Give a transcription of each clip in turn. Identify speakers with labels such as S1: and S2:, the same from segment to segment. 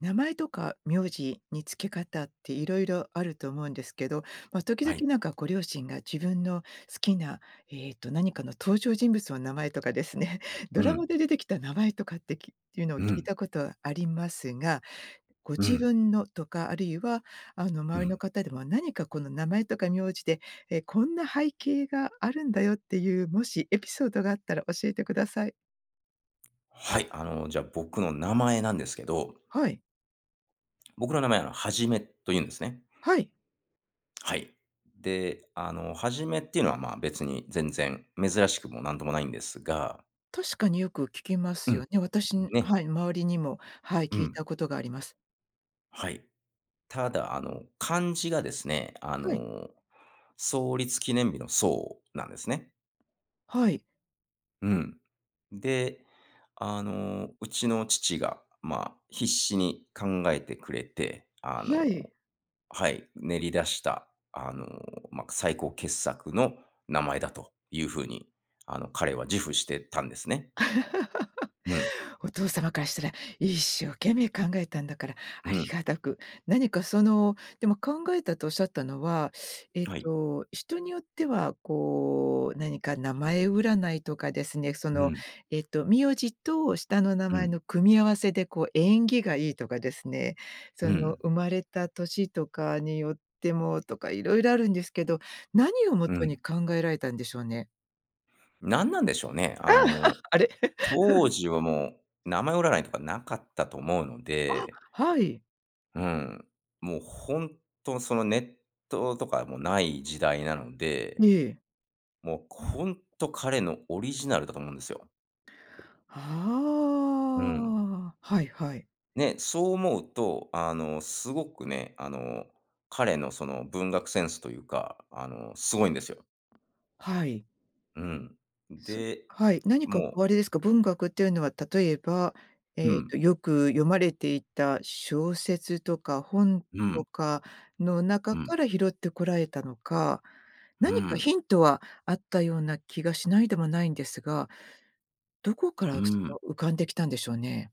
S1: 名前とか苗字に付け方って色々あると思うんですけど、ま、時々
S2: はい。
S1: なんかご両親が自分の好きな、えっと、何かの登場人物の名前とかですね、ド
S2: う
S1: ラマ
S2: ん。
S1: で出てきた名前とかって、きっていうのを
S2: う
S1: 聞い
S2: ん。
S1: たことありますが、ご
S2: う
S1: 自
S2: ん。
S1: 分のとか、あるいは、あの、
S2: う
S1: 周りの
S2: ん。
S1: 方でもなにかこの名前とか苗字で、え「こんな背景があるんだよ」っていうもしエピソードがあったら教えてください。
S2: はい、あの、じゃ、僕の名前なんですけど
S1: はい。
S2: 僕の名前、あの「はじめ」と言うんですね。
S1: はい。
S2: はい、で、あの「はじめ」っていうのは、ま、別に全然珍しくもなんともないんですが
S1: 確かによく聞きま
S2: う
S1: すよ
S2: ん。
S1: ね。私に
S2: ね。
S1: はい、周りにも、はい、
S2: う
S1: 聞い
S2: ん。
S1: たことがあります。
S2: はい。ただ、あの、漢字がですね、あ
S1: はい。
S2: の、創立記念日の「創」なんですね。
S1: はい。
S2: うん。で、あの、うちの父が、ま、必死に考えてくれて、あの
S1: はい。
S2: はい、練り出した、あの、ま、最高傑作の名前だという風に、あの、彼は自負してたんですね。うん。
S1: お父様からしたら、一生懸命考えたんだから
S2: う
S1: 有
S2: ん。
S1: り難くなにかその、でも、考えたとおっしゃったのは、えっ
S2: はい。
S1: と、人によっては、こう、なにか名前占いとかですね、そ
S2: う
S1: の、
S2: ん。
S1: えっと、苗字と下の名
S2: う
S1: 前
S2: ん。
S1: の組み合わせで、こう縁起がいいとかですね、そ
S2: う
S1: の
S2: ん。
S1: 生まれた年とかによってもとか色々あるんですけど、なにをも
S2: う
S1: とに
S2: ん。
S1: 考えられたんでしょうね？
S2: 何なんでしょうね、あ の、
S1: あれ。
S2: 当 時はもう、名前占いとかなかったと思うの
S1: あ、
S2: で
S1: はい。
S2: うん。もうほんと、その、ネットのとかもない時代なので、
S1: ええ。
S2: もうこんと、彼のオリジナルだと思うんですよ。うん。
S1: はあ、はいはい。
S2: ね、そう思うと、あの、すごくね、あの、彼のその文学センスというか、あの、すごいんですよ。
S1: はい。
S2: うん。
S1: そ
S2: で、
S1: はい、何か
S2: もう
S1: おありですか？文学っていうのは、例えば、
S2: う
S1: えっと、
S2: ん。
S1: よく読まれていた小説とか本
S2: うん。
S1: とかの中
S2: うん。
S1: から拾ってこられたのか、
S2: う
S1: 何か
S2: ん。
S1: ヒントはあったような気がしないでもないんですが。どこから、
S2: う
S1: そ
S2: ん。
S1: の浮かんできたんでしょうね。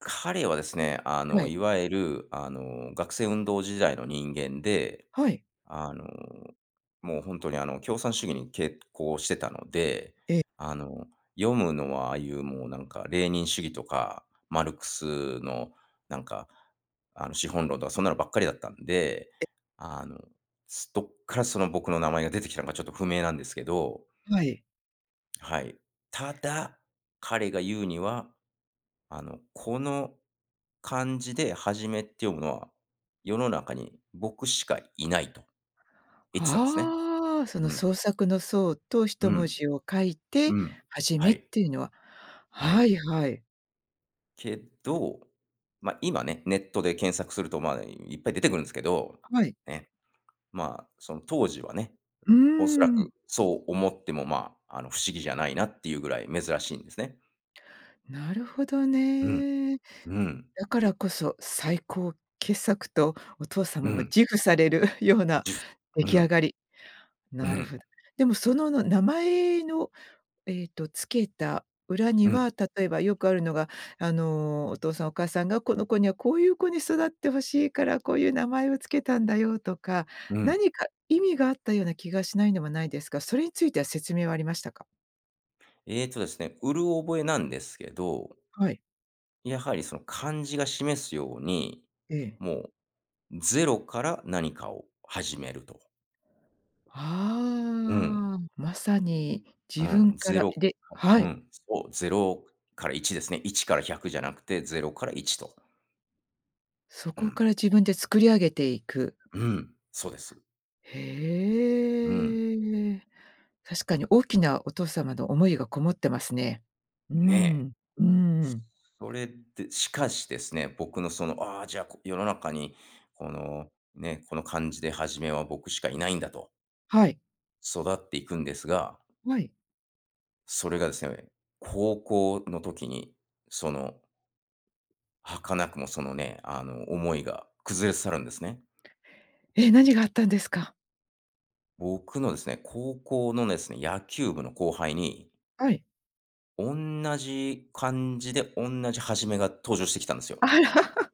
S2: 彼はですね、あ
S1: は
S2: の
S1: い。
S2: いわゆる、あの学生運動時代の人間で、
S1: はい。
S2: あの、もうほんとに、あの、共産主義に傾向してたので、
S1: ええ。
S2: あの、読むのは、ああいう、もうなんか、レーニン主義とか、マルクスのなんか、あの資本論とかそんなのばっかりだったんで、
S1: え。
S2: あの、す、どっからその僕の名前が出てきたのか、ちょっと不明なんですけど。
S1: はい。
S2: はい。ただ、彼が言うには、あの、「この、漢字ではじめって読むのは、世の中に僕しかいない」と言ってたんですね。
S1: はあ、その
S2: うん。
S1: 創作の創と、ひ
S2: う
S1: とも
S2: ん。
S1: じを書いて、
S2: うん。
S1: はじ
S2: は
S1: めっ
S2: い。
S1: ていうのは
S2: は
S1: は
S2: い。
S1: いはい。
S2: けど、ま、今ね、ネットで検索すると、ま、いっぱい出てくるんですけど
S1: はい。
S2: ね。ま、その当時はね、
S1: うー
S2: おそら
S1: ん。
S2: くそう思っても、ま、あの、不思議じゃないなっていうぐらい珍しいんですね。
S1: なるほど
S2: うん。
S1: ね。
S2: うん。
S1: だからこそ、最高傑作とお父様
S2: う
S1: も
S2: ん。
S1: 自負されるような
S2: 自負、
S1: 出
S2: う
S1: 来上
S2: ん。
S1: がり。
S2: う
S1: なるほ
S2: ん。
S1: でもそのの、名前の、えっと、つけた裏に
S2: うん。
S1: は、例えばよくあるのがあの、お父さんお母さんが「この子にはこういう子に育って欲しいから、こういう名前をつけたんだよ」とか、
S2: うん。
S1: 何か意味があったような気がしないでもないですが、それについては説明はありましたか？
S2: えっとですね、うる覚えなんですけど
S1: はい。
S2: やはりその漢字が示すように、
S1: ええ。
S2: もう、0から何かを始めると。うん。
S1: ああ、まさに
S2: う
S1: 自分
S2: ん、
S1: か
S2: ゼ
S1: ら
S2: ロ
S1: いで
S2: [unintelligible]
S1: は
S2: う
S1: い。
S2: ん、そう、0から1ですね。1から100じゃなくて、0から1と。
S1: そ
S2: う
S1: こか
S2: ん。
S1: ら自分で作り上げていく。
S2: うん、そうです。うん。
S1: へえ。確かに大きな、お父様の思いが込もってますね。うー
S2: ねえ。
S1: ん。うーん。
S2: それって、しかしですね、僕のその、ああ、じゃあ、こ世の中に、この、ね、この漢字で「はじめ」は僕しかいないんだと
S1: はい。
S2: 育っていくんですが
S1: はい。
S2: それがですえ、高校の時に、その儚くも、そのね、あの、思いが崩れ去るんですね。
S1: え！何があったんですか？
S2: 僕のですね、高校のですね、野球部の後輩に
S1: はい。
S2: おんなじ漢字でおんなじ「はじめ」が、登場してきたんですよ。
S1: あら。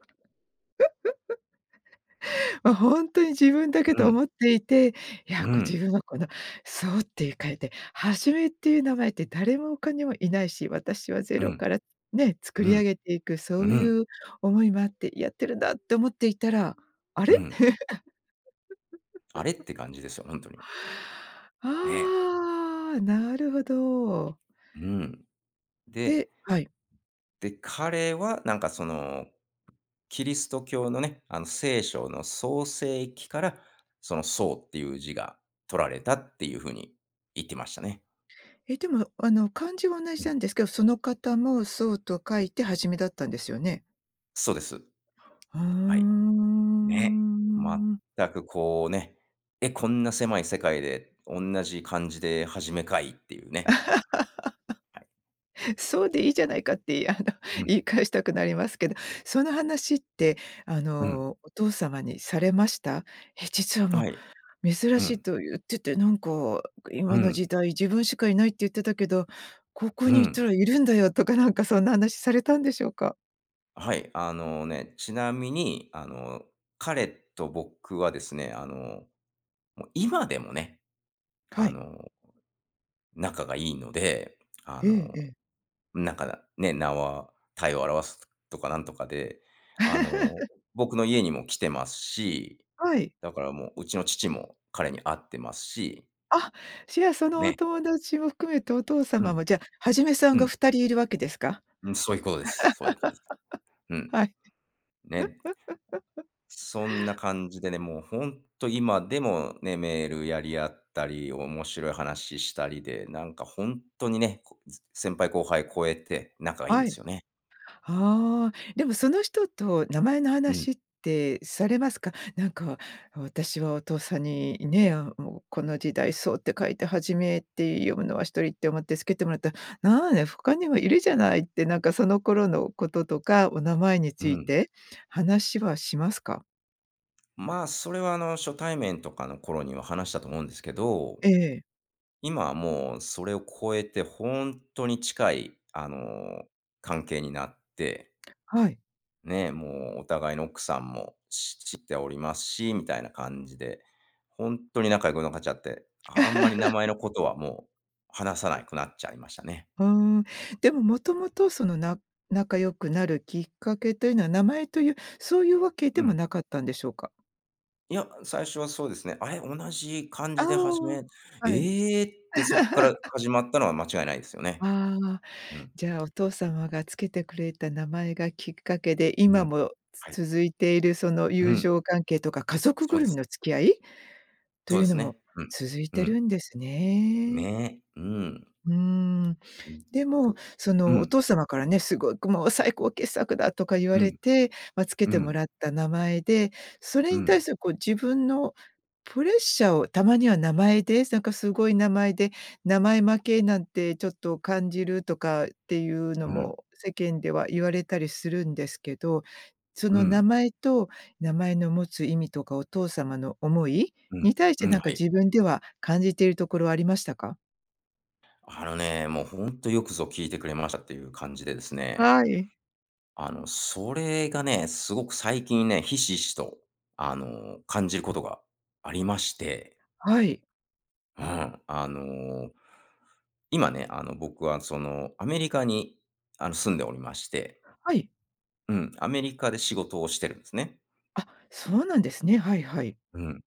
S1: あ、ほんとに自分だけ
S2: う
S1: と
S2: ん。
S1: 思っていて、いや、
S2: う
S1: こう自
S2: ん。
S1: 分はこの「創」って、ゆ書いて、「はじめ」っていう名前って誰もほかにはいないし、私はゼ
S2: う
S1: ロ
S2: ん。
S1: からね、作
S2: う
S1: り
S2: ん。
S1: 上げていく、
S2: う
S1: そうい
S2: ん。
S1: う思いもあってやってるんだって思っていたら、あ
S2: う
S1: れ？
S2: ん。あれ？っ て感じですよ、ほんとに。ね。
S1: ああ、なるほど。
S2: うん。で、
S1: ではい。
S2: で、彼はなんかその、キリスト教のね、あの、聖書の創世期から、その「創」っていう字が取られたっていう風に言ってましたね。
S1: え、でも、あの漢字は同
S2: う
S1: じな
S2: ん。
S1: んですけど、その方も創と書いて、はじめ、だったんですよね。
S2: そうです。
S1: ふー
S2: はい。ね。
S1: ん。
S2: 全くこうね。え、こんな狭い世界で、おんなじ漢字で、はじめ、かいっていうね。はい。
S1: そう、でいいじゃないかっていあの、
S2: うん。
S1: 言い返したくなりますけど。その話って、あ
S2: うん。
S1: のお父様にされました？「え、実はも
S2: はい。
S1: う、珍
S2: う
S1: しい
S2: ん。
S1: と言っててなんか、
S2: う
S1: 『今の時
S2: ん。
S1: 代自分しかいない』って言ってたけど、高校
S2: う
S1: に行った
S2: ん。
S1: らいるんだよ」とかなんか、そんな話されたんでしょうか？
S2: はい。あのね。ちなみに、あの彼と僕はですね。あの、もう今でもね、
S1: は
S2: あ
S1: い。
S2: の仲がいいので。あ
S1: えええ
S2: の、
S1: え。
S2: なんか、ね。名は体を表すとかなんとかで、あの、僕の家にも来てますし、
S1: はい。
S2: だからもう、うちの父も彼に会ってますし
S1: あ、じゃあ、そのお
S2: ね。
S1: 友達も含めて、お父
S2: う
S1: 様
S2: ん。
S1: もじゃ、はじめさん
S2: う
S1: が
S2: ん。
S1: 2人いるわけですか？
S2: うん。そういうことですそういうことです。う ん。
S1: はい。
S2: ね。そんな感じでね。もうほんと、今でもね、メールやり合ったり、面白い話したりで、なんかほんとにね、こつ先輩後輩超えて、仲がいいんで
S1: は
S2: す
S1: い。
S2: よね。うん。
S1: ああ、でもその人と、名前の
S2: うん。
S1: 話ってされますか？なんか私は、お父さんにね、あ、もうこの時代、創って書いてはじめって読むのは1人って思ってつけてもらったら、なあんや、他にもいるじゃないって、なんかその頃のこととか、お名前に
S2: う
S1: つい
S2: ん。
S1: て話はしますか？
S2: まあ、それはあの、初対面とかの頃には話したと思うんですけど、
S1: ええ。
S2: 今はもうそれを超えて、ほんとに近い、あの、関係になって
S1: はい。
S2: ね、もうお互いの奥さんもし知っておりますし、みたいな感じで、ほんとに仲良くなかちゃって、あんまり名前のことは もう、話さないくなっちゃいましたね。
S1: うーん。でも、もともと、そのな仲良くなるきっかけというのは名前という、そういうわけで
S2: う
S1: も
S2: ん。
S1: なかったんでしょうか？
S2: いや、最初はそうですね。「あれ、同じ漢
S1: あ
S2: 字で『はじ
S1: あ、
S2: め』。
S1: はい。
S2: ええ？」ってそっから 始まったのは間違いないですよね。
S1: ああ、
S2: うん。
S1: じゃあ、お父様がつけてくれた名前がきっかけで、
S2: う
S1: 今
S2: ん。
S1: も
S2: はい。
S1: つ続いているその
S2: う
S1: 友
S2: ん。
S1: 情関係とか、家族
S2: そ
S1: ぐ
S2: うで
S1: るみ
S2: す。
S1: の付き合い？と
S2: そう
S1: い
S2: で
S1: うの
S2: す
S1: も
S2: ね。うん。
S1: 続い
S2: う
S1: て
S2: ん。
S1: るんですね。
S2: ね、うん。
S1: うーん、
S2: うん。
S1: で
S2: そ
S1: も
S2: う
S1: そ
S2: う
S1: の、お
S2: ん。
S1: 父様からね、「すごくもう、最高傑作だ！」とか言わ
S2: う
S1: れ
S2: ん。
S1: て、ま、つけ
S2: う
S1: ても
S2: ん。
S1: らった名前で、そ
S2: う
S1: れに対
S2: ん。
S1: するこう自分のプレッシャーを、たまには名前で、すなんかすごい名前で、名前負けなんてちょっと感じるとかっていうの
S2: うん。
S1: も世間では言われたりするんですけど、そ
S2: う
S1: の名
S2: ん。
S1: 前と名前の持つ意味とかお父様の思い
S2: うん。
S1: に対し
S2: う
S1: て、
S2: ん、
S1: な
S2: は
S1: んか
S2: い。
S1: 自分では感じているところありましたか？
S2: あのね、もうほんと、よくぞ聞いてくれましたっていう感じでですね。
S1: はい。
S2: あの、それがね、すごく最近ね、ひしひしとあの、感じることがありまして。
S1: はい。
S2: うん、あの、今ね、あの、僕はその、アメリカに、あの、住んでおりまして
S1: はい。
S2: うん、アメリカで仕事をしてるんすね。
S1: あ、そうなんですね。はいはい。
S2: うん。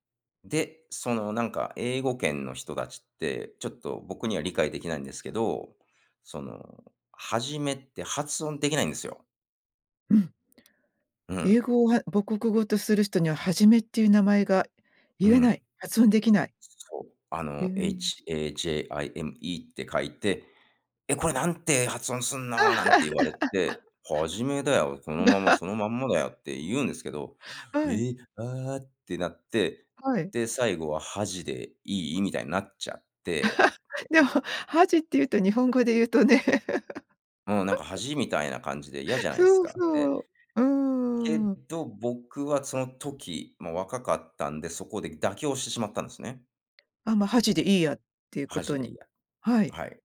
S2: で、その、なんか、英語圏の人達って、ちょっと僕には理解できないんですけど。その「はじめ」って発音できないんですよ。
S1: うん。
S2: う
S1: 英
S2: ん。
S1: 語をは、母国語とする人には「はじめ」っていう名前が
S2: う
S1: 言えな
S2: ん。
S1: い、発音できない。
S2: すそう、あ
S1: へ
S2: の、
S1: え。
S2: HAJIME って書いて「え、これ何て発音すんの？」なんて言われて「はじめだよ。そのまま、そのまんまだよ」って言うんですけど
S1: はい。
S2: 「え、ああ」ってなって、
S1: はい。
S2: で、最後は「はじでいい？」みたいになっちゃって。で
S1: でも、「はじ」っていうと、日本語で言うとね。
S2: もう、なんか 「恥」みたいな感じで、嫌じゃないす
S1: そう、
S2: か、で、
S1: そう、う
S2: け
S1: ーん。
S2: ど、僕はその時、もう、若かったんで、そこで妥協してしまったんすね。
S1: あ、ま、はじでいいやっていうこ
S2: はじ
S1: と
S2: でい
S1: に
S2: いや、
S1: はい。
S2: はい。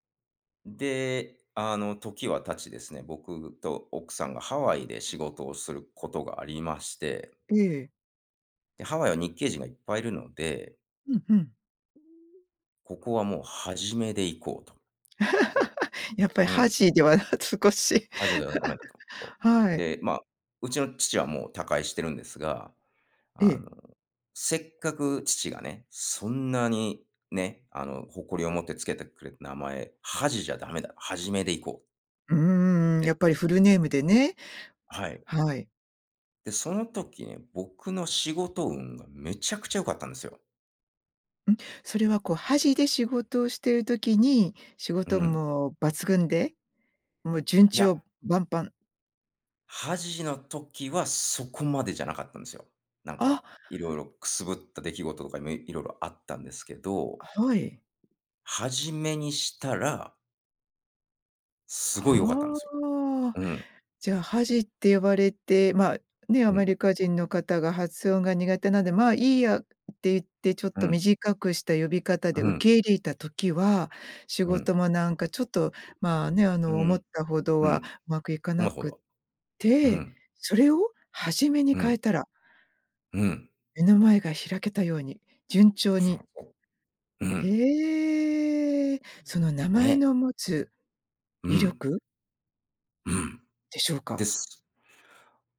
S2: で、あの、時は経ちですね、僕と奥さんがハワイで仕事をすることがありまして。
S1: ええ。
S2: で、ハワイは日系人がいっぱいいるので
S1: うんうん。うーん。
S2: ここはもう、はじめでいこうと。で
S1: やっぱり、
S2: う
S1: は
S2: ん。
S1: じでは少し
S2: はじではだめだと。と。
S1: はい。
S2: で、まあ、うちの父はもう他界してるんですが、
S1: え
S2: あ
S1: え。
S2: の、せっかく父がね、そんなに、ね、あの誇りを持って付けてくれた名前、はじじゃダメだ、はじめでいこう。
S1: うーん、や
S2: で。
S1: っぱりフルネームでね。
S2: はい。
S1: はい。
S2: で、その時ね、僕の仕事運がめちゃくちゃ良かったんですよ。
S1: うん、それはこう、はじで仕事をしてる時に、仕
S2: う
S1: 事運
S2: ん。
S1: も抜群で、もうじゅん
S2: い
S1: ち
S2: や
S1: ょうばんぱん。
S2: はじの時はそこまでじゃなかったんですよ。なんか、
S1: あ。
S2: 色々くすぶった出来事とかめ、色々あったんですけど。
S1: はい。
S2: はじめにしたらすごい良かったんで
S1: は
S2: すよ。
S1: あ、
S2: うん。
S1: じゃあはじって呼ばれて、まあ、ね、ア
S2: う
S1: メ
S2: ん。
S1: リカ人の方が発音が苦手なんで、「まあ、いいや」って、言ってちょっ
S2: う
S1: と
S2: ん。
S1: 短くした呼び方で
S2: う
S1: 受
S2: ん。
S1: け入れた時は、仕
S2: うん。
S1: 事もなんかちょっと、まあね、あ
S2: う
S1: の思っ
S2: ん。
S1: たほど
S2: う
S1: は
S2: ん。
S1: うまくいか
S2: お
S1: な
S2: まほど
S1: く
S2: は。う
S1: て、
S2: ん。
S1: それをはじめに
S2: う
S1: 変え
S2: ん。
S1: たら
S2: うん。
S1: 目の前が開けたように順調に。
S2: うん。
S1: へえ、その名前
S2: ね。
S1: の持つ
S2: う
S1: 威
S2: ん。
S1: 力
S2: うん。
S1: でしょう
S2: で
S1: か？
S2: す。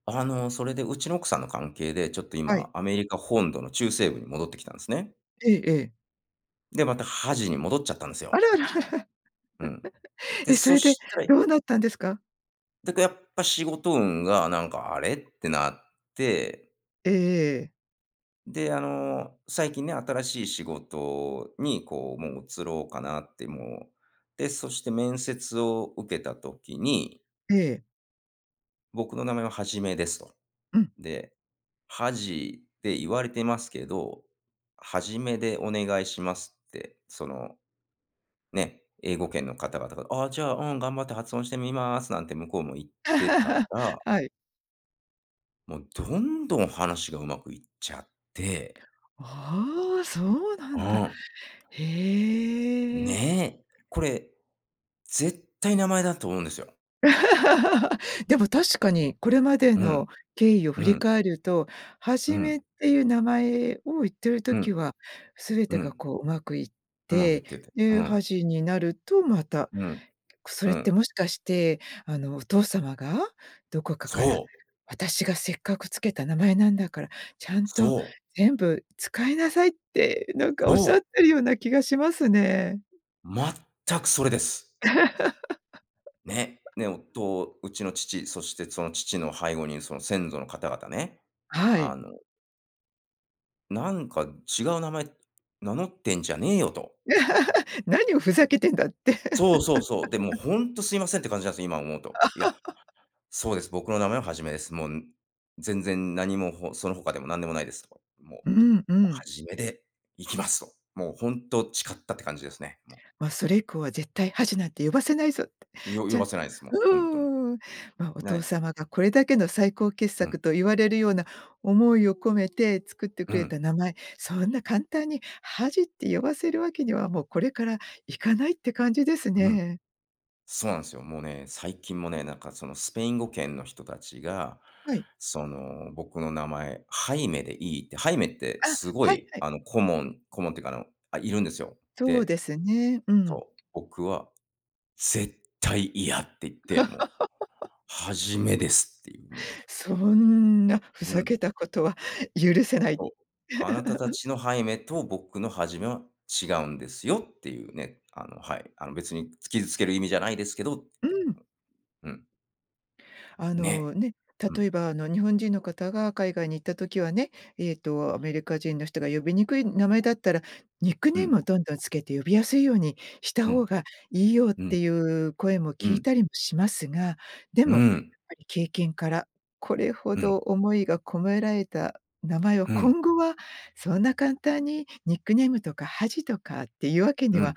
S2: あの、それでうちの奥さんの関係で、ちょっと
S1: は
S2: 今、
S1: い。
S2: アメリカ本土の中西部に戻ってきたんですね。
S1: ええええ。
S2: で、また、はじに戻っちゃったんです
S1: あ
S2: よ。
S1: らあらあら。
S2: うん。で、
S1: え、そ
S2: そ
S1: れで
S2: したい
S1: どうなったんですか？
S2: だか、やっぱ仕事運がなんか、あれ、ってなって
S1: ええええ。
S2: で、あの、最近ね。新しい仕事にこう、もう、移ろうかなってもう。で、そして面接を受けた時に
S1: ええ。
S2: 「僕の名前ははじめです」と。
S1: うん。
S2: で「はじって言われてますけど、はじめでお願いします」って、その、ね、英語圏の方々が「あ、じゃあ、うん、頑張って発音してみます」なんて向こうも言ってた ら
S1: はい。
S2: もう、どんどん話がうまくいっちゃって
S1: ああ、そうな
S2: う
S1: んだ。
S2: ん。
S1: へえ。
S2: ね、これ、絶対名前だと思うんですよ。
S1: でも確かに、これまで
S2: うん。
S1: の経緯を振
S2: う
S1: り
S2: ん。
S1: 返るとは
S2: う
S1: じめっ
S2: ん。
S1: ていう名前を言ってる
S2: う
S1: 時
S2: ん。
S1: は、すべ
S2: う
S1: てが
S2: ん。
S1: こう、うまくいっ
S2: うまくいっ
S1: て、
S2: てて、う
S1: で、は
S2: ん。
S1: じになると、また、
S2: うん。
S1: くそ
S2: う
S1: れって
S2: ん。
S1: もしかして、あの、お父様が、どこかから
S2: そう。
S1: 「私がせっかくつけた名前なんだから、ちゃんと
S2: そう。
S1: 全部使いなさい」って、なんかおっし
S2: そう。
S1: ゃってるような気がしますね。
S2: 全くそれです。ね、ね、おとうちの父、そしてその父の背後に、その先祖の方々ね、
S1: は
S2: あ
S1: い。
S2: の「なんか、違う名前名乗ってんじゃねえよ」と。
S1: 「何をふざけてんだ」って。
S2: そうそうそう、でも 「ほんと、すいません」って感じなんす、今思うと。いや 「そうです、僕の名前は『はじめ』です。もう、ん、全然なにも、ほそのほかでもなんでもないです」と。もう「も
S1: うん、う
S2: う『は
S1: ん。
S2: じめ』で、いきます！」と、もうほんと誓ったって感じですね、もう。
S1: ま、それ以降は「絶対、『はじ』なんて呼ばせないぞ」って。
S2: よ
S1: じ
S2: 呼
S1: ゃ
S2: ばせないです、もう、ほんとに。
S1: うーん。ま、お
S2: な
S1: 父
S2: い
S1: 様がこれだけの、最高傑
S2: うん。
S1: 作と言われるような、思いを込めて作って
S2: う
S1: くれ
S2: ん。
S1: た名前、そんな簡単に「はじ」って呼ばせるわけには、もうこれからいかないって感じです
S2: うん。
S1: ね。
S2: そうなんすよ。もうね、最近もね、なんかそのスペイン語圏の人たちが、
S1: はい。
S2: その、僕の名前「『ハイメ』でいい？」って、「ハイメ」って
S1: あ！
S2: すご
S1: はい、
S2: い
S1: はい。
S2: あの、コモンコモンっていうか、あの、あ、いるんですよ。
S1: そう
S2: で、
S1: ですね、う
S2: そ
S1: ん。
S2: う、僕は「絶対、嫌！」って言って、もう、「『は じめ』です！」っていう、もう。
S1: そんなふ
S2: う
S1: ざ
S2: ん。
S1: けたことは許せない。
S2: そう、「あなたたち の『ハイメ』と、僕の『はじめ』は違うんですよ」っていうね、あの、はい、あの、別につ傷つける意味じゃないですけどっ
S1: う
S2: て、
S1: ん。
S2: うん、うん。
S1: あの
S2: ね、
S1: ね、
S2: うん。
S1: 例えば、あの、日本人の方が海外に行った時はね、えっと、アメリカ人の人が呼びにくい名前だったら、ニック
S2: う
S1: ネームを
S2: ん。
S1: どんどんつけて呼びやすいようにした
S2: う
S1: 方
S2: ん。
S1: がいいよっ
S2: う
S1: て
S2: ん。
S1: いう声も
S2: う
S1: 聞い
S2: ん。
S1: たりもしますが、で
S2: うー
S1: もやっ
S2: ん。
S1: ぱり経験から、これほ
S2: うん。
S1: ど思いが込められた名前を、
S2: ふん。
S1: 今後はそんな簡単にニックネームとか「はじ」とかっていうわけに
S2: うん。
S1: は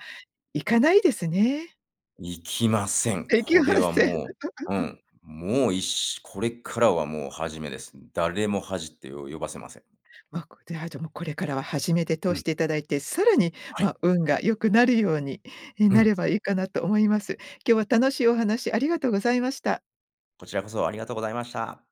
S1: いかないですね。
S2: いきません。
S1: 出来
S2: これ
S1: ま
S2: は
S1: せん。
S2: もう、う ん、もういっしこれからはもう「はじめ」です。誰も「はじ」ってよ呼ばせません。
S1: わこう、で、あ、じゃ、もうこれからは「はじめ」で
S2: う
S1: 通し
S2: ん。
S1: ていただいて、さらに、
S2: はい。
S1: ま、運が良くなるように、え、
S2: う
S1: なれ
S2: ん。
S1: ばいいかなと思います。今日は楽しいお話ありがとうございました。
S2: こちらこそ、ありがとうございました。